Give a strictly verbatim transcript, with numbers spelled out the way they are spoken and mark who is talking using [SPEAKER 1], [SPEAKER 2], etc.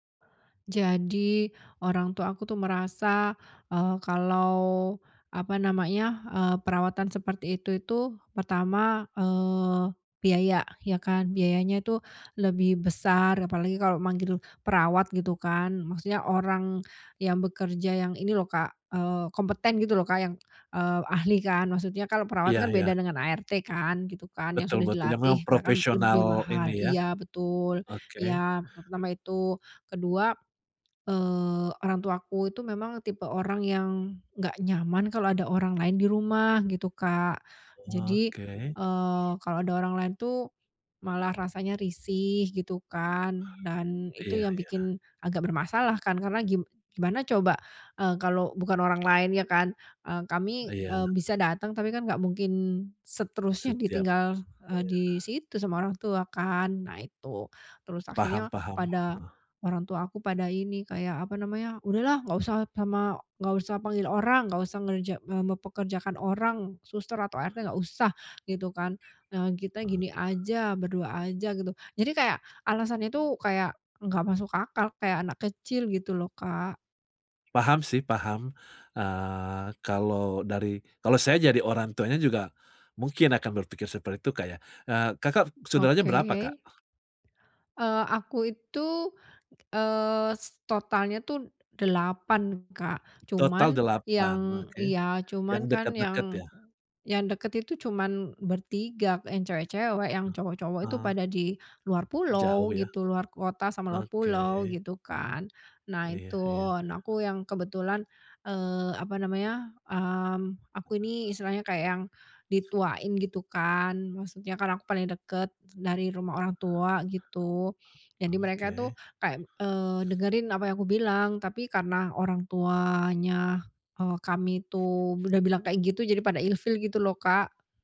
[SPEAKER 1] Jadi, orang tua aku tuh merasa, eee, kalau apa namanya, eee, perawatan seperti itu itu pertama, eee, biaya, ya kan. Biayanya itu lebih besar, apalagi kalau manggil perawat gitu kan, maksudnya orang yang bekerja yang ini loh Kak, eee, kompeten gitu loh Kak, yang, eee, ahli kan, maksudnya kalau perawat
[SPEAKER 2] Iya
[SPEAKER 1] kan
[SPEAKER 2] iya.
[SPEAKER 1] beda dengan A-R-T kan, gitu kan, yang
[SPEAKER 2] Betul
[SPEAKER 1] sudah
[SPEAKER 2] betul, yang memang
[SPEAKER 1] dilatih ya kan lebih
[SPEAKER 2] profesional
[SPEAKER 1] mahal
[SPEAKER 2] ini ya,
[SPEAKER 1] iya betul,
[SPEAKER 2] oke.
[SPEAKER 1] iya pertama itu. Kedua, eee, orang tuaku itu memang tipe orang yang nggak nyaman kalau ada orang lain di rumah, gitu Kak. Jadi,
[SPEAKER 2] Oke.
[SPEAKER 1] eee, kalau ada orang lain tuh, malah rasanya risih gitu kan, dan itu
[SPEAKER 2] Iya
[SPEAKER 1] yang
[SPEAKER 2] iya.
[SPEAKER 1] bikin agak bermasalah kan, karena gim gimana coba, eee, kalau bukan orang lain ya kan, eee, kami,
[SPEAKER 2] Iya.
[SPEAKER 1] eee, bisa datang, tapi kan nggak mungkin seterusnya
[SPEAKER 2] Setiap iya.
[SPEAKER 1] ditinggal, eee, di situ sama orang tua kan, nah itu. Terus
[SPEAKER 2] Paham
[SPEAKER 1] akhirnya
[SPEAKER 2] paham,
[SPEAKER 1] pada
[SPEAKER 2] heeh.
[SPEAKER 1] orang tua aku pada ini kayak apa namanya, "Udahlah, nggak usah pama nggak usah panggil orang, nggak usah ngerja eee, mempekerjakan orang, suster, atau A-R-T, nggak usah," gitu kan, "eee, kita
[SPEAKER 2] Heeh.
[SPEAKER 1] gini aja, berdua aja" gitu. Jadi kayak, alasan itu kayak nggak masuk akal, kayak anak kecil gitu loh Kak.
[SPEAKER 2] Paham sih, paham. Eee, kalau dari kalau saya jadi orang tuanya juga, mungkin akan berpikir seperti itu Kak ya, nah Kakak saudaranya berapa
[SPEAKER 1] Oke.
[SPEAKER 2] Kak?
[SPEAKER 1] Eee, aku itu, eee, s totalnya tuh delapan Kak.
[SPEAKER 2] Total
[SPEAKER 1] Cuman
[SPEAKER 2] delapan,
[SPEAKER 1] yang
[SPEAKER 2] oke,
[SPEAKER 1] ya,
[SPEAKER 2] yang
[SPEAKER 1] cuman kan
[SPEAKER 2] deket-deket
[SPEAKER 1] yang
[SPEAKER 2] ya?
[SPEAKER 1] yang deket itu cuman bertiga, yang cewek-cewek, yang cowok-cowok itu
[SPEAKER 2] Oh.
[SPEAKER 1] pada di luar pulau
[SPEAKER 2] Jauh ya?
[SPEAKER 1] gitu, luar kota sama luar pulau,
[SPEAKER 2] Oke.
[SPEAKER 1] gitu kan. Nah
[SPEAKER 2] Iya iya,
[SPEAKER 1] itu,
[SPEAKER 2] iya.
[SPEAKER 1] nah aku yang kebetulan, eee, apa namanya, mmm, aku ini istilahnya kayak yang dituain gitu kan, maksudnya kan aku paling deket dari rumah orang tua gitu. Jadi mereka tuh
[SPEAKER 2] Oke.
[SPEAKER 1] kayak, eee, dengerin apa yang aku bilang, tapi karena orangtuanya, eee, kami itu udah bilang kayak gitu, pada ilfil gitu loh Kak.